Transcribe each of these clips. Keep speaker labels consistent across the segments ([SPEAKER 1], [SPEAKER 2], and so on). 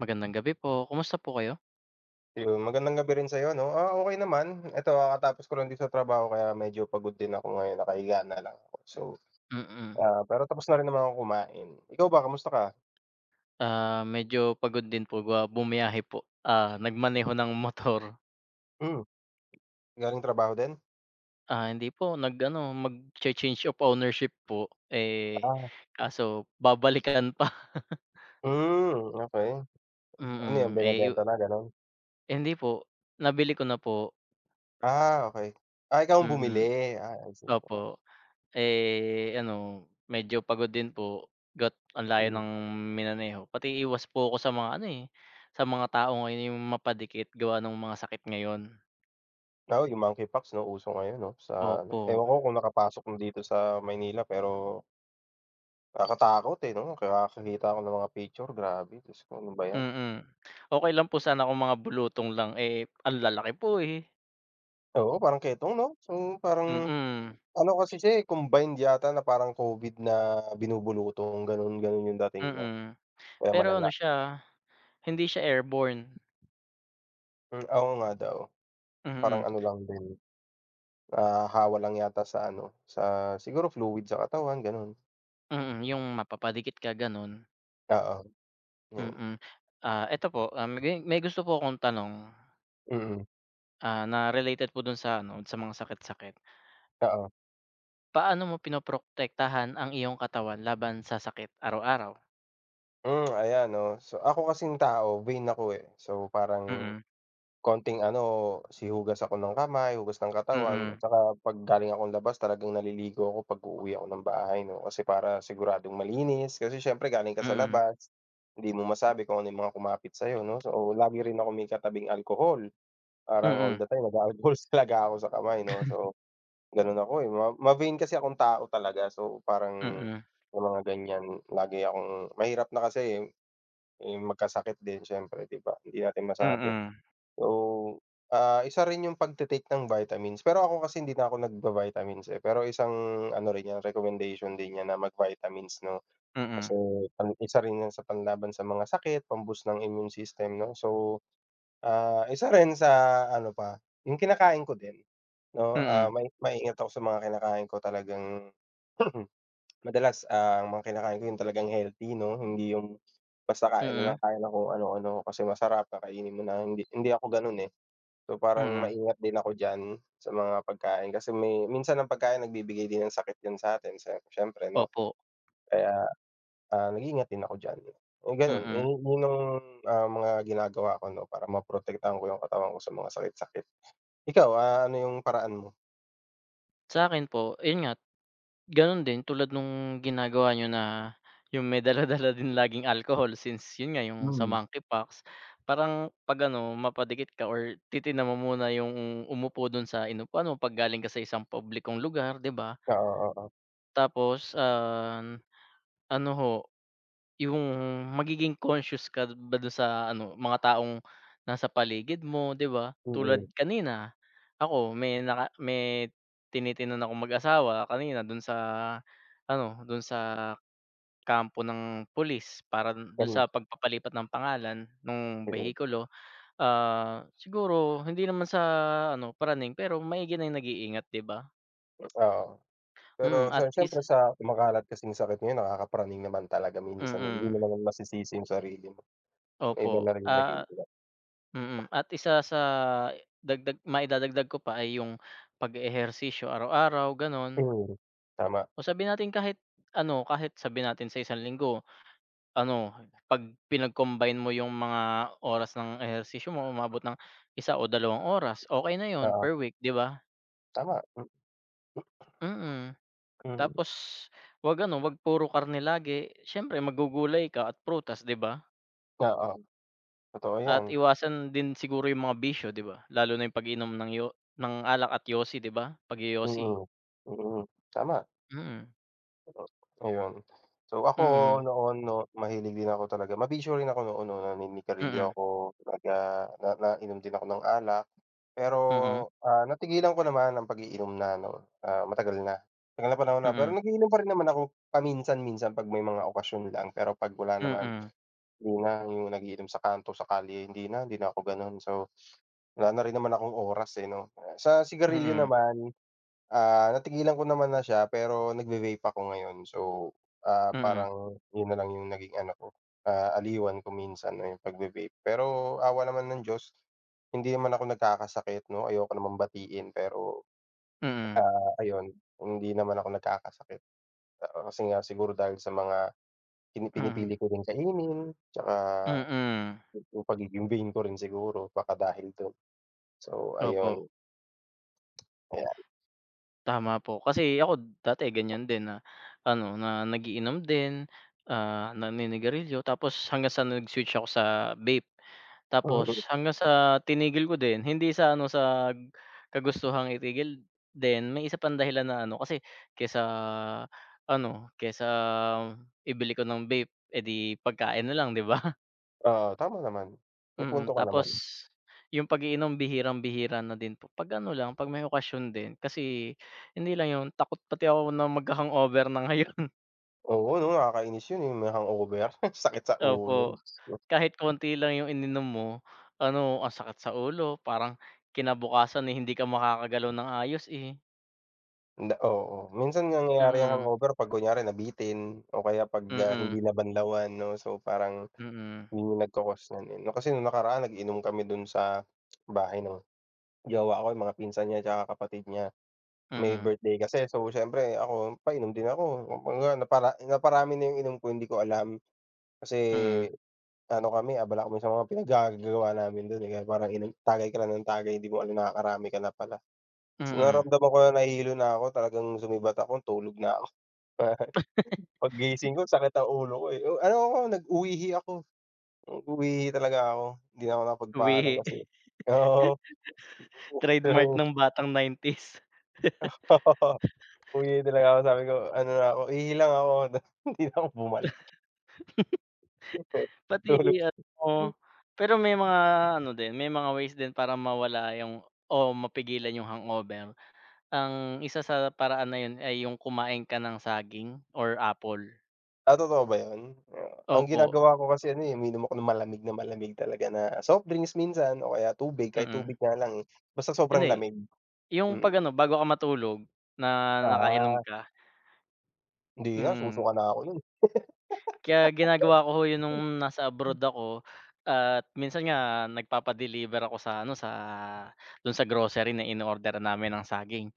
[SPEAKER 1] Magandang gabi po. Kumusta po kayo?
[SPEAKER 2] Yun, magandang gabi rin sa'yo 'no. Ah, okey naman. Eto kakatapos ko lang din sa trabaho kaya medyo pagod din ako ngayon nakahiga na lang. So,
[SPEAKER 1] Mm.
[SPEAKER 2] ah, pero tapos na rin naman akong kumain, ikaw ba kamusta ka?
[SPEAKER 1] Ah, medyo pagod din po ba bumiyahe po, ah, nagmaneho ng motor.
[SPEAKER 2] Hmm. Galing trabaho din?
[SPEAKER 1] Ah, hindi po nag-ano, magche-change of ownership po, eh,
[SPEAKER 2] Ah.
[SPEAKER 1] kaso babalikan pa.
[SPEAKER 2] Hmm, okey, ano yung
[SPEAKER 1] Mm, eh,
[SPEAKER 2] binebenta
[SPEAKER 1] yu
[SPEAKER 2] na, ganon?
[SPEAKER 1] Hndi po, nabili ko na po.
[SPEAKER 2] Ah, okey, ah, ikaw ang
[SPEAKER 1] Mm,
[SPEAKER 2] bumili, ah, I see.
[SPEAKER 1] opo, eh, ano, medyo pagod din po, gat ang layo
[SPEAKER 2] Mm.
[SPEAKER 1] ng minaneho pati iwas po ako sa mga, ano, eh sa mga tao ngayon yung mapadikit gawa nung mga sakit ngayon.
[SPEAKER 2] Oo, yung Monkeypox, 'no, uso ngayon, 'no, sa, ano,
[SPEAKER 1] Opo.
[SPEAKER 2] ewan ko kung nakapasok na dito sa Maynila pero nakakatakot, eh, 'no, kaya kakakita ako ng mga picture grabe, Diyos ko, ano ba yan.
[SPEAKER 1] Mm. Okey lang po sana kung mga bulutong lang, eh, ang lalaki po, eh.
[SPEAKER 2] Oo, parang ketong 'no, so parang
[SPEAKER 1] Mm.
[SPEAKER 2] ano kasi siya, eh, combined yata na parang Covid na binubulutong ganon-ganon yung dating niya,
[SPEAKER 1] Mm.
[SPEAKER 2] kaya
[SPEAKER 1] Pero, ano,
[SPEAKER 2] malala.
[SPEAKER 1] siya hindi siya airborne.
[SPEAKER 2] Hmm, oo, nga daw parang
[SPEAKER 1] Mhm.
[SPEAKER 2] ano, lang din, ah hawa lang yata sa, ano, sa siguro fluid sa katawan, ganun.
[SPEAKER 1] Mm, yung mapapadikit ka, ganun.
[SPEAKER 2] Oo, yun.
[SPEAKER 1] Mm, ah, eto po, ah, may may gusto po akong tanong.
[SPEAKER 2] Mm.
[SPEAKER 1] Ah, na related po dun sa, ano, sa mga sakit-sakit.
[SPEAKER 2] Oo.
[SPEAKER 1] Paano mo prinoprotektahan ang iyong katawan laban sa sakit araw-araw?
[SPEAKER 2] Hmm, ayan, oh, so, ako kasing tao vain ako, eh, so, parang
[SPEAKER 1] Mm.
[SPEAKER 2] konting, ano, si hugas ako ng kamay, hugas ng katawan,
[SPEAKER 1] Mm.
[SPEAKER 2] tsaka pag galing akong labas talagang naliligo ako pag-uuwi ako ng bahay, no, kasi para siguradong malinis, kasi siyempre galing ka sa
[SPEAKER 1] Mm.
[SPEAKER 2] labas, hindi mo masabi kung ano yung mga kumapit sayo, 'no, so, lagi rin ako may katabing alcohol, parang all
[SPEAKER 1] Mm.
[SPEAKER 2] the time nag-a-alcohol talaga ako sa kamay, 'no, so, ganun ako, eh, ma ma-vain kasi akong tao talaga so parang,
[SPEAKER 1] Mm.
[SPEAKER 2] yung mga ganyan lagi akong mahirap na kasi, eh, eh, magkasakit din siyempre, 'di ba, hindi natin masabi.
[SPEAKER 1] Mm.
[SPEAKER 2] So, ah, isa rin yung pagti-take ng vitamins, pero ako kasi hindi na ako nagva-vitamins, eh, pero isang ano rin yan recommendation din yan na mag-vitamins, 'no, kasi
[SPEAKER 1] Mm.
[SPEAKER 2] sa isa rin sa panlaban sa mga sakit pam-boost ng immune system, 'no, so, ah, isa rin sa ano pa yung kinakain ko din, 'no, ah,
[SPEAKER 1] Mm.
[SPEAKER 2] mai maingat ako sa mga kinakain ko talagang, madalas, ah, mga kinakain ko yung talagang healthy, 'no, hindi yung basta kain na lang
[SPEAKER 1] Mm.
[SPEAKER 2] tayo ng kung ano-ano kasi masarap kakainin mo na, hindi hindi ako ganon, eh. So, parang
[SPEAKER 1] Mm.
[SPEAKER 2] maingat din ako diyan sa mga pagkain kasi may minsan ang pagkain nagbibigay din ng sakit din satin sa siyempre, 'no,
[SPEAKER 1] Opo.
[SPEAKER 2] kaya, ah, nag-iingat din ako diyan, eh, ganun, eh,
[SPEAKER 1] Mm.
[SPEAKER 2] yun ang, ah, mga ginagawa ko, 'no, para maprotektahan ko yung katawan ko sa mga sakit sakit. Ikaw, ah, ano yung paraan mo?
[SPEAKER 1] Sa'kin po, ayun nga, ganun din tulad nung ginagawa niyo na 'yung may dala-dala din laging alcohol since 'yun nga 'yung sa
[SPEAKER 2] Mm.
[SPEAKER 1] monkeypox, parang 'pag ano mapadikit ka or titignan mo muna 'yung umupo dun sa inupuan mo 'pag galing ka sa isang publikong lugar, 'di ba?
[SPEAKER 2] Oo, oo.
[SPEAKER 1] Tapos, um, ano ho, 'yung magiging conscious ka ba dun sa ano, mga taong nasa paligid mo, 'di ba? Tulad
[SPEAKER 2] Mhm.
[SPEAKER 1] kanina ako, may naka may tinitignan akong mag-asawa kanina dun sa ano, dun sa kampo ng pulis para dun dun
[SPEAKER 2] Ganun.
[SPEAKER 1] sa pagpapalipat ng pangalan nung
[SPEAKER 2] Mm.
[SPEAKER 1] behikulo, ah, siguro hindi naman sa ano, praning pero maigi na yung nag-iingat, 'di ba?
[SPEAKER 2] Oo,
[SPEAKER 1] Mm
[SPEAKER 2] pero
[SPEAKER 1] at
[SPEAKER 2] sa
[SPEAKER 1] is
[SPEAKER 2] siyempre sa kumakalat kasing sakit ngayon nakakapraning naman talaga minsan, hindi mo
[SPEAKER 1] Mm.
[SPEAKER 2] naman masisisi yung sarili mo, may iba
[SPEAKER 1] Opo,
[SPEAKER 2] na ring
[SPEAKER 1] ah
[SPEAKER 2] nag-iingat.
[SPEAKER 1] mm. At isa sa dagdag maidadagdag ko pa ay 'yung pag-e-ehersisyo araw-araw ganun.
[SPEAKER 2] Mm, tama.
[SPEAKER 1] O sabihin nating kahit ano, kahit sabihin natin sa isang linggo, ano, 'pag pinag-combine mo yung mga oras ng ehersisyo mo umaabot ng 1 o 2 oras, okey na yun
[SPEAKER 2] Oo.
[SPEAKER 1] per week, 'di ba?
[SPEAKER 2] Tama, hmm.
[SPEAKER 1] Mm,
[SPEAKER 2] Mm.
[SPEAKER 1] tapos huwag ano, huwag puro karne lagi, siyempre maggugulay ka at prutas, di ba?
[SPEAKER 2] Oo, totoo
[SPEAKER 1] At
[SPEAKER 2] 'yan.
[SPEAKER 1] iwasan din siguro 'yung mga bisyo, di ba? Lalo na 'yung pag-inom ng yo ng alak at yosi, di ba, pagyoyosi.
[SPEAKER 2] Mm, mm, tama.
[SPEAKER 1] Mm.
[SPEAKER 2] Hmm, ayun. So ako,
[SPEAKER 1] Mm.
[SPEAKER 2] noon 'no, mahilig din ako talaga mabisyo rin ako noon, 'no,
[SPEAKER 1] Mm.
[SPEAKER 2] naninigarilyo ako, nagga na nainom din ako ng alak, pero,
[SPEAKER 1] Mm.
[SPEAKER 2] ah, natigilan ko naman ang pag-iinom na, 'no, ah, matagal na. Matagal na panahon na, pero
[SPEAKER 1] Mm.
[SPEAKER 2] nag-iinom pa rin naman ako, paminsan-minsan 'pag may mga okasyon lang, pero 'pag wala naman,
[SPEAKER 1] Mm.
[SPEAKER 2] hindi na 'yung nag-iinom sa kanto, sa kalye, hindi na hindi na ako gano'n. So wala na rin naman akong oras, eh, 'no. Sa sigarilyo
[SPEAKER 1] Mm.
[SPEAKER 2] naman, ah, natigilan ko naman na siya, pero nagve-vape ako ngayon, so, ah,
[SPEAKER 1] Mm.
[SPEAKER 2] parang 'yun nalang 'yung naging ano, ko, ah, aliwan ko minsan ayun pagve-vape. Pero awa naman ng Diyos hindi naman ako nagkakasakit 'no, ayoko namang batiin, pero,
[SPEAKER 1] Mm.
[SPEAKER 2] ah, ayun, hindi naman ako nagkakasakit. Oo, kasi nga, siguro dahil sa mga pin
[SPEAKER 1] Mhm.
[SPEAKER 2] pinipili ko rin kainin, tsaka
[SPEAKER 1] Mm.
[SPEAKER 2] 'yung pagiging vain ko rin siguro baka dahil do'n, so ayun.
[SPEAKER 1] Opo.
[SPEAKER 2] Ayan.
[SPEAKER 1] Tama po, kasi ako dati ganiyan din na ano, na nag-iinom din, ah, naninigarilyo, tapos hanggang sa nag-switch ako sa vape, tapos
[SPEAKER 2] Mm.
[SPEAKER 1] hanggang sa tinigil ko din. Hindi sa ano, sa kagustuhang itigil din, may isa pang dahilan na ano, kasi kesa ano, kaysa ibili ko ng vape, eh, di pagkain nalang 'di ba?
[SPEAKER 2] Oo, tama naman, may
[SPEAKER 1] Mm,
[SPEAKER 2] punto ka
[SPEAKER 1] tapos
[SPEAKER 2] naman.
[SPEAKER 1] 'yung pag-iinom, bihirang-bihira na din po, pag ano lang, 'pag may okasyon din, kasi hindi lang 'yun, takot pati ako na magha-hangover na ngayon.
[SPEAKER 2] Oo, ano nakakainis 'yun, 'yung may hangover, sakit sa ulo,
[SPEAKER 1] Opo,
[SPEAKER 2] Diyos ko.
[SPEAKER 1] kahit konti lang 'yung ininom mo, ano, ang sakit sa ulo, parang kinabukasan, eh, hindi ka makakagalaw ng ayos eh.
[SPEAKER 2] Oo, minsan nangyayari 'yang
[SPEAKER 1] Mhm.
[SPEAKER 2] hangover 'pag kunyari nabitin, o kaya 'pag, ah,
[SPEAKER 1] Mm.
[SPEAKER 2] hindi nabanlawan, 'no, so parang
[SPEAKER 1] Mm.
[SPEAKER 2] 'yun 'yung nagko-cause nun, eh. Kasi no'ng nakaraan nag-inom kami do'n sa bahay ng jowa ko, 'yung mga pinsan niya tsaka kapatid niya, may
[SPEAKER 1] Mm.
[SPEAKER 2] birthday kasi. So siyempre ako, painom din ako, 'yun nga napara naparami na 'yung inom ko, hindi ko alam. Kasi
[SPEAKER 1] Mm.
[SPEAKER 2] ano kami, abala kami sa mga pinaggagagawa namin do'n, eh, kaya parang inom tagay ka na ng tagay, 'di mo alam, nakakarami ka na pala.
[SPEAKER 1] Mhm.
[SPEAKER 2] Naramdaman ko na nahilo na ko, talagang sumibat ako, tulog na ako. Paggising ko, sakit ng ulo ko, eh, ano ako, nag-uwihi ako, uwihi talaga ako, hindi na ako nakapagpaalam,
[SPEAKER 1] Uwihi,
[SPEAKER 2] kasi oo.
[SPEAKER 1] trademark
[SPEAKER 2] [unintelligible]
[SPEAKER 1] ng batang 90s.
[SPEAKER 2] Uwi na talaga ako, sabi ko, ano na ako, ihi lang ako, hindi na ako bumalik. Okey,
[SPEAKER 1] Pati
[SPEAKER 2] tulog.
[SPEAKER 1] GF mo. Pero may mga ano din, may mga ways din para mawala 'yung, oh, mapigilan 'yung hangover. Ang isa sa paraan na 'yun ay 'yung kumain ka ng saging or apple.
[SPEAKER 2] Ah, totoo ba 'yan? Ah, ang
[SPEAKER 1] Opo.
[SPEAKER 2] ginagawa ko kasi ano, eh, umiinom ako ng malamig na malamig talaga na soft drinks minsan o kaya tubig, kahit
[SPEAKER 1] Mm.
[SPEAKER 2] tubig nga lang, eh, basta
[SPEAKER 1] Ano,
[SPEAKER 2] sobrang
[SPEAKER 1] eh
[SPEAKER 2] lamig,
[SPEAKER 1] 'yung
[SPEAKER 2] mm.
[SPEAKER 1] pag-ano, bago ka matulog, na nakainom
[SPEAKER 2] Ah.
[SPEAKER 1] ka.
[SPEAKER 2] Hindi na,
[SPEAKER 1] Hmm.
[SPEAKER 2] susuka na ako no'n.
[SPEAKER 1] Kaya ginagawa ko, ho, 'yon no'ng nasa abroad ako at minsan nga nagpapa-deliver ako sa ano sa do'n sa grocery na inoorderan namin ng saging,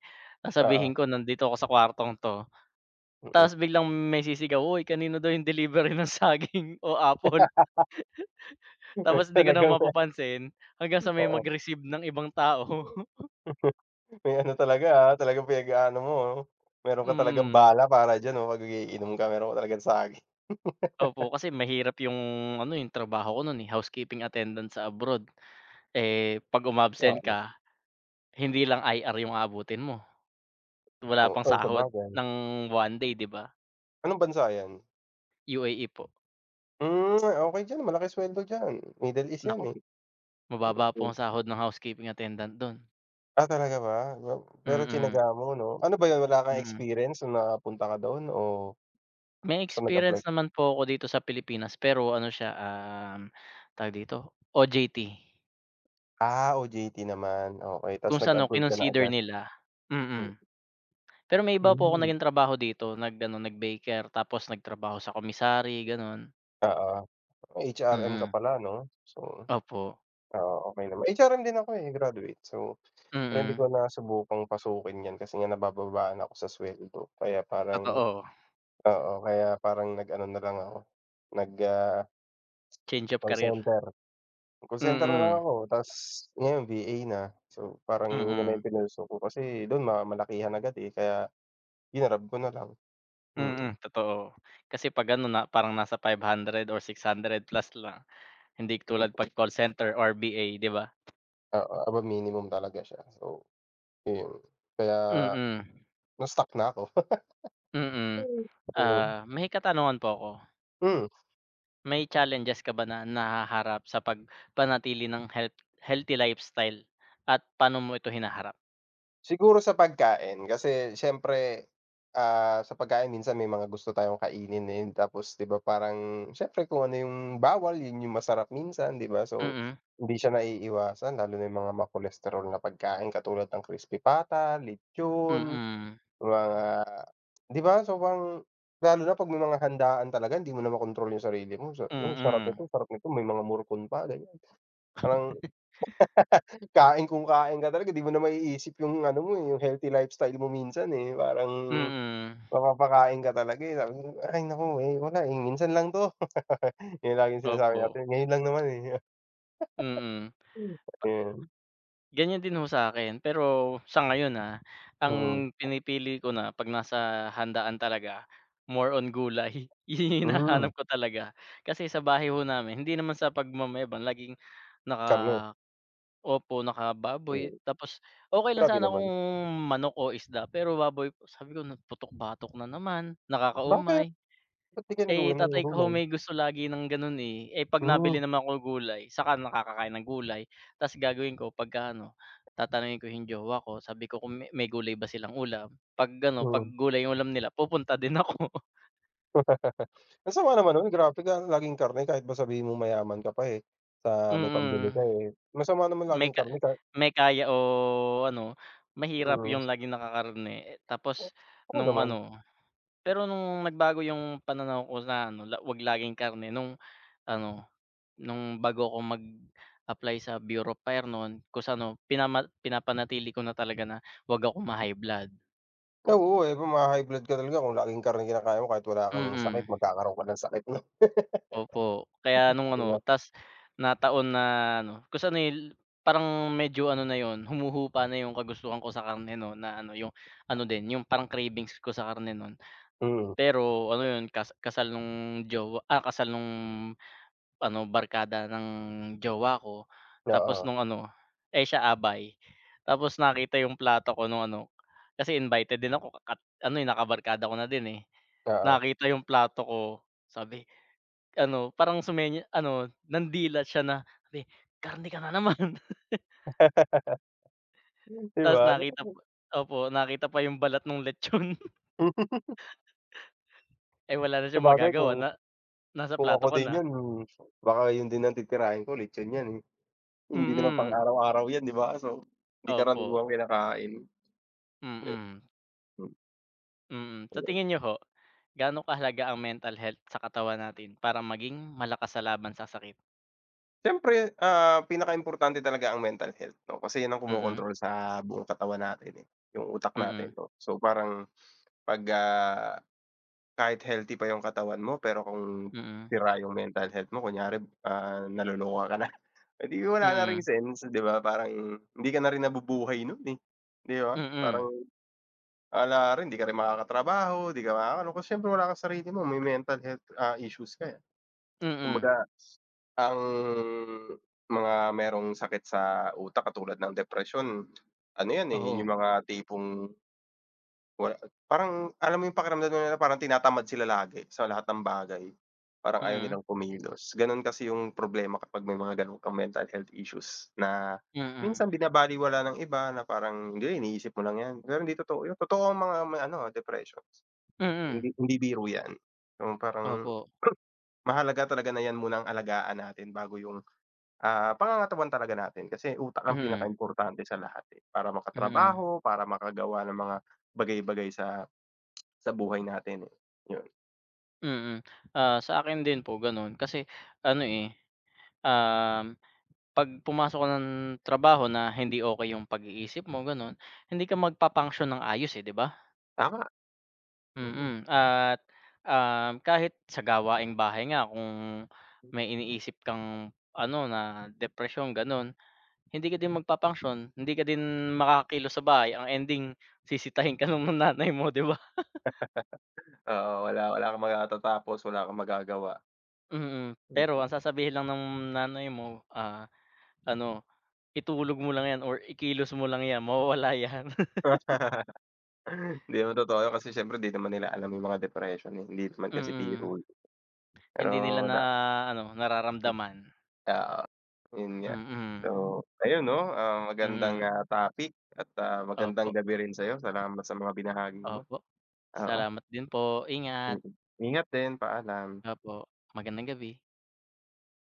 [SPEAKER 2] Oo.
[SPEAKER 1] sasabihin ko nandito ako sa kwartong 'to,
[SPEAKER 2] Mm.
[SPEAKER 1] tapos biglang may sisigaw, "hoy kanino daw 'yung delivery ng saging o apple."
[SPEAKER 2] [unintelligible]
[SPEAKER 1] Tapos 'di ko na
[SPEAKER 2] Talagang, nga.
[SPEAKER 1] mapapansin, hanggang sa may
[SPEAKER 2] Oo.
[SPEAKER 1] mag-receive ng ibang tao.
[SPEAKER 2] May ano talaga, ah, talagang pinag-aano mo, oh, meron ka talagang
[SPEAKER 1] Mm.
[SPEAKER 2] bala para diyan, oh, 'pag umiinom ka meron ka talagang saging.
[SPEAKER 1] Opo, kasi mahirap 'yung ano, eh, 'yung trabaho ko no'n, eh, housekeeping attendant sa abroad. Eh, 'pag umabsent
[SPEAKER 2] Oo.
[SPEAKER 1] ka hindi lang IR 'yung aabutin mo. Wala
[SPEAKER 2] Oh,
[SPEAKER 1] pang
[SPEAKER 2] ay
[SPEAKER 1] sahod
[SPEAKER 2] sabagay.
[SPEAKER 1] ng 1 day, 'di ba?
[SPEAKER 2] Anong bansa 'yan?
[SPEAKER 1] UAE po.
[SPEAKER 2] Hmm, okey diyan, malaki suweldo diyan, Middle East 'yan,
[SPEAKER 1] Naku,
[SPEAKER 2] eh,
[SPEAKER 1] mababa po
[SPEAKER 2] mm.
[SPEAKER 1] ang sahod ng housekeeping attendant, do'n.
[SPEAKER 2] Ah talaga ba, pero
[SPEAKER 1] Mhm.
[SPEAKER 2] tsinaga mo, 'no, ano ba 'yun wala kang
[SPEAKER 1] Mm.
[SPEAKER 2] experience na napunta ka doon o
[SPEAKER 1] May
[SPEAKER 2] basta
[SPEAKER 1] experience
[SPEAKER 2] nag-apply?
[SPEAKER 1] naman po ako dito sa Pilipinas pero ano siya, um, tawag dito, OJT.
[SPEAKER 2] Ah, OJT naman, okey, tapos
[SPEAKER 1] Kung sa nu
[SPEAKER 2] nag-abroad ka na
[SPEAKER 1] kinonsider
[SPEAKER 2] agad,
[SPEAKER 1] nila,
[SPEAKER 2] mm.
[SPEAKER 1] mm, pero may iba po ako
[SPEAKER 2] Hmm.
[SPEAKER 1] naging trabaho dito nag ano, nag baker tapos nagtrabaho sa commissary, ganun.
[SPEAKER 2] Oo, HRM ka
[SPEAKER 1] Mm.
[SPEAKER 2] pala, 'no? So,
[SPEAKER 1] Opo.
[SPEAKER 2] ah, okey naman, HRM din ako, eh, graduate. So, pero hindi
[SPEAKER 1] Mhm.
[SPEAKER 2] ko nasubukang pasukin 'yan kasi nga nabababaan ako sa sweldo kaya parang
[SPEAKER 1] Totoo.
[SPEAKER 2] oo, kaya parang nag ano nalang ako nag, ah,
[SPEAKER 1] Change of
[SPEAKER 2] call
[SPEAKER 1] career.
[SPEAKER 2] center. Call center na lang
[SPEAKER 1] Mhm.
[SPEAKER 2] ako tapos ngayon VA na. So, parang 'yun naman
[SPEAKER 1] Mm.
[SPEAKER 2] 'yung pinursue kasi dun ma malakihan agad, eh, kaya grinab ko nalang, mm.
[SPEAKER 1] Mhm totoo, kasi 'pag ano na parang nasa 500 or 600 plus lang, hindi
[SPEAKER 2] Hmm.
[SPEAKER 1] tulad pag call center or VA, 'di ba?
[SPEAKER 2] Oo, above minimum talaga siya, so, 'yun kaya,
[SPEAKER 1] Mhm.
[SPEAKER 2] na stuck na 'ko.
[SPEAKER 1] Mm,
[SPEAKER 2] Ayun.
[SPEAKER 1] ah, may katanungan po ako.
[SPEAKER 2] Mm.
[SPEAKER 1] May challenges ka ba na nahaharap sa pagpanatili ng health healthy lifestyle at paano mo ito hinaharap?
[SPEAKER 2] Siguro sa pagkain, kasi siyempre, ah, sa pagkain minsan may mga gusto tayong kainin, ayan, tapos, di ba, parang siyempre, kung ano 'yung bawal 'yun 'yung masarap minsan, di ba? So,
[SPEAKER 1] Mm.
[SPEAKER 2] hindi siya naiiwasan lalo na 'yung mga ma-cholesterol na pagkain katulad ng crispy pata, lechon,
[SPEAKER 1] Mm.
[SPEAKER 2] mga di ba? So, parang lalo na 'pag may mga handaan talaga, hindi mo na makontrol 'yung sarili mo. Sa, hmm, sarap
[SPEAKER 1] Mm.
[SPEAKER 2] nito sarap nito, may mga morcon pa, ganiyan parang kain kung kain ka talaga, 'di mo na maiisip 'yung ano mo, eh, 'yung healthy lifestyle mo minsan, eh. Parang
[SPEAKER 1] Mm.
[SPEAKER 2] mapapakain ka talaga, eh. Sabi ko, "Ay naku, eh, wala, eh, minsan lang ’to." 'Yun laging sinasabi
[SPEAKER 1] Opo.
[SPEAKER 2] natin, "Ngayon lang naman, eh."
[SPEAKER 1] Mm.
[SPEAKER 2] Hmm,
[SPEAKER 1] Pa
[SPEAKER 2] ayan.
[SPEAKER 1] Ganiyan din, ho, sa akin. Pero sa ngayon, ah,
[SPEAKER 2] Mm.
[SPEAKER 1] ang pinipili ko na, 'pag nasa handaan talaga, more on gulay. 'Yun 'yung
[SPEAKER 2] Hmm.
[SPEAKER 1] hinahanap ko talaga. Kasi sa bahay, ho, namin, hindi naman sa pagmamayabang, laging
[SPEAKER 2] Karne.
[SPEAKER 1] naka opo, naka-baboy.
[SPEAKER 2] Hmm.
[SPEAKER 1] Tapos, okey lang
[SPEAKER 2] Grabe
[SPEAKER 1] sana kung
[SPEAKER 2] naman.
[SPEAKER 1] manok o isda, pero baboy po. Sabi ko na, "Putok-batok na naman,
[SPEAKER 2] Bakit?
[SPEAKER 1] nakakaumay."
[SPEAKER 2] Ba't 'di kayo
[SPEAKER 1] Eh,
[SPEAKER 2] nag-uulam ng
[SPEAKER 1] tatay ko, ho,
[SPEAKER 2] gulay?
[SPEAKER 1] may gusto lagi ng gano'n, eh. Eh, 'pag
[SPEAKER 2] Hmm.
[SPEAKER 1] nabili naman ako gulay, saka nakakakain ng gulay. Tas gagawin ko, pagkaano, tatanungin ko 'yung jowa ko, sabi ko, kung me may gulay ba silang ulam, 'pag ano, 'pag
[SPEAKER 2] Yon.
[SPEAKER 1] gulay 'yung ulam nila, pupunta din ako.
[SPEAKER 2] Ang sama naman nun grabe ka laging karne kahit ba sabihin mong mayaman ka pa, eh, sa may pambili ka,
[SPEAKER 1] Mm,
[SPEAKER 2] eh, masama naman
[SPEAKER 1] may
[SPEAKER 2] laging
[SPEAKER 1] ka
[SPEAKER 2] karne ka
[SPEAKER 1] may kaya o ano mahirap
[SPEAKER 2] Mm.
[SPEAKER 1] yung laging naka-karne, eh, tapos
[SPEAKER 2] Oo,
[SPEAKER 1] nung
[SPEAKER 2] naman.
[SPEAKER 1] ano, pero nung nagbago yung pananaw ko sa ano wag laging karne nung ano nung bago ako mag-apply sa Bureau of Fire nu'n tas ano pinaman pinapanatili ko na talaga na wag akong ma-high blood.
[SPEAKER 2] Oo, eh, kung maha-high blood ka rin niyan kung laging karne kinakain mo kahit wala kang sakit
[SPEAKER 1] Mm.
[SPEAKER 2] magkakaroon ka ng sakit nun.
[SPEAKER 1] Opo, kaya nung
[SPEAKER 2] 'Di
[SPEAKER 1] ano
[SPEAKER 2] ba.
[SPEAKER 1] 'tas na taon na ano kung sa nil parang medyo ano na 'yun humuhupa na yung kagustuhan ko sa karne no na ano yung ano din yung parang cravings ko sa karne nu'n.
[SPEAKER 2] Mhm.
[SPEAKER 1] Pero ano yun kas kasal nung jowa, ah, kasal nung ano barkada ng jowa ko tapos
[SPEAKER 2] Oo.
[SPEAKER 1] nung ano, eh, siya abay tapos nakita yung plato ko nung ano kasi invited din ako a at ano, eh, nakabarkada ko na din, eh,
[SPEAKER 2] Oo.
[SPEAKER 1] nakita yung plato ko sabi, ano parang sumen ano nandila siya na sabi ''Karne ka na naman.''
[SPEAKER 2] Di
[SPEAKER 1] Ta's
[SPEAKER 2] ba?
[SPEAKER 1] nakita po
[SPEAKER 2] [unintelligible]
[SPEAKER 1] opo nakita pa yung balat nung lechon. Eh, wala na siyang
[SPEAKER 2] Sabagay
[SPEAKER 1] magagawa
[SPEAKER 2] kung,
[SPEAKER 1] na nasa
[SPEAKER 2] kung
[SPEAKER 1] plato
[SPEAKER 2] ako
[SPEAKER 1] ko
[SPEAKER 2] din
[SPEAKER 1] na.
[SPEAKER 2] 'yun baka 'yun din ang titirahin ko lechon 'yan, eh, hindi naman
[SPEAKER 1] Mm.
[SPEAKER 2] pang-araw-araw 'yan, 'di ba, so, hindi karaniwang
[SPEAKER 1] Opo.
[SPEAKER 2] kinakain.
[SPEAKER 1] Mm. Mm, sa
[SPEAKER 2] Ayan.
[SPEAKER 1] tingin niyo ho, gaano kahalaga ang mental health sa katawan natin para maging malakas sa laban sa sakit?
[SPEAKER 2] Siyempre, ah, pinaka-importante talaga ang mental health, 'no. Kasi 'yun ang
[SPEAKER 1] Mm.
[SPEAKER 2] kumokontrol sa buong katawan natin, eh, 'yung utak natin,
[SPEAKER 1] Mm.
[SPEAKER 2] 'no. So, parang, pag, ah, kahit healthy pa yung katawan mo, pero kung
[SPEAKER 1] Mm.
[SPEAKER 2] sira yung mental health mo, kunyari, ah, naloloka ka na, eh, di wala na ring
[SPEAKER 1] Mm.
[SPEAKER 2] sense. Di ba parang, hindi ka na rin nabubuhay 'nun, eh, di ba?
[SPEAKER 1] Mm.
[SPEAKER 2] Parang wala rin, di ka rin makakatrabaho, di ka makakaano, kasi, siyempre, wala kang sarili mo, may mental health, ah, issues ka, eh.
[SPEAKER 1] Mm.
[SPEAKER 2] Kumbaga, ang mga merong sakit sa utak katulad ng depresyon, ano 'yan, eh, yung
[SPEAKER 1] Oo.
[SPEAKER 2] mga tipong, wala parang alam mo yung pakiramdam nila, parang tinatamad sila lagi sa lahat ng bagay. Parang ayaw
[SPEAKER 1] Mm.
[SPEAKER 2] nilang kumilos, ganon kasi yung problema kapag may mga ganon kang mental health issues na
[SPEAKER 1] Mm.
[SPEAKER 2] minsan binabalewala ng iba na parang, "Hindi, iniisip mo lang yan." Pero hindi totoo 'yun. Totoo ang mga may ano, ah, depressions,
[SPEAKER 1] Mm.
[SPEAKER 2] hindi hindi biro 'yan. 'Yung parang
[SPEAKER 1] Opo.
[SPEAKER 2] mahalaga talaga na 'yan muna alagaan natin bago 'yung, ah, pangangatawan talaga natin. Kasi utak ang
[SPEAKER 1] Mm.
[SPEAKER 2] pinakaimportante sa lahat, eh, para
[SPEAKER 1] Mm.
[SPEAKER 2] makatrabaho, para makagawa ng mga bagay-bagay sa sa buhay natin, eh, 'yun.
[SPEAKER 1] Mm, ah, sa akin din po gano'n kasi ano, eh, um, 'pag pumasok ka ng trabaho na hindi okey 'yung pag-iisip mo, gano'n hindi ka magpa-function ng ayos, eh, 'di ba?
[SPEAKER 2] Tama, mm.
[SPEAKER 1] Mm at um, kahit sa gawaing bahay nga kung may iniisip kang ano na, depresyon ganun, hindi ka din magpa-function hindi ka din makakakilos sa bahay ang ending sisitahin ka ng nanay mo, 'di ba?
[SPEAKER 2] Oo, wala wala kang matatapos wala kang magagawa.
[SPEAKER 1] Mhm,
[SPEAKER 2] Mm.
[SPEAKER 1] pero ang sasabihin lang nung nanay mo, ah, ano itulog mo lang 'yan or ikilos mo lang 'yan mawawala 'yan.
[SPEAKER 2] 'Di naman totoo 'yun kasi siyempre 'di naman nila alam 'yung mga depression, eh, hindi naman kasi
[SPEAKER 1] Mm.
[SPEAKER 2] biro 'yun.
[SPEAKER 1] Hindi nila
[SPEAKER 2] Pero
[SPEAKER 1] na
[SPEAKER 2] da
[SPEAKER 1] ano, nararamdaman.
[SPEAKER 2] Oo, yun nga. So
[SPEAKER 1] Mm.
[SPEAKER 2] ayun, 'no, ah, magandang,
[SPEAKER 1] Mm.
[SPEAKER 2] ah, topic at ah, magandang
[SPEAKER 1] Opo.
[SPEAKER 2] gabi rin sa'yo. Salamat sa mga binahagi mo,
[SPEAKER 1] Opo,
[SPEAKER 2] oo.
[SPEAKER 1] salamat din po, ingat!
[SPEAKER 2] Mm. Ingat din, paalam.
[SPEAKER 1] Opo, magandang gabi.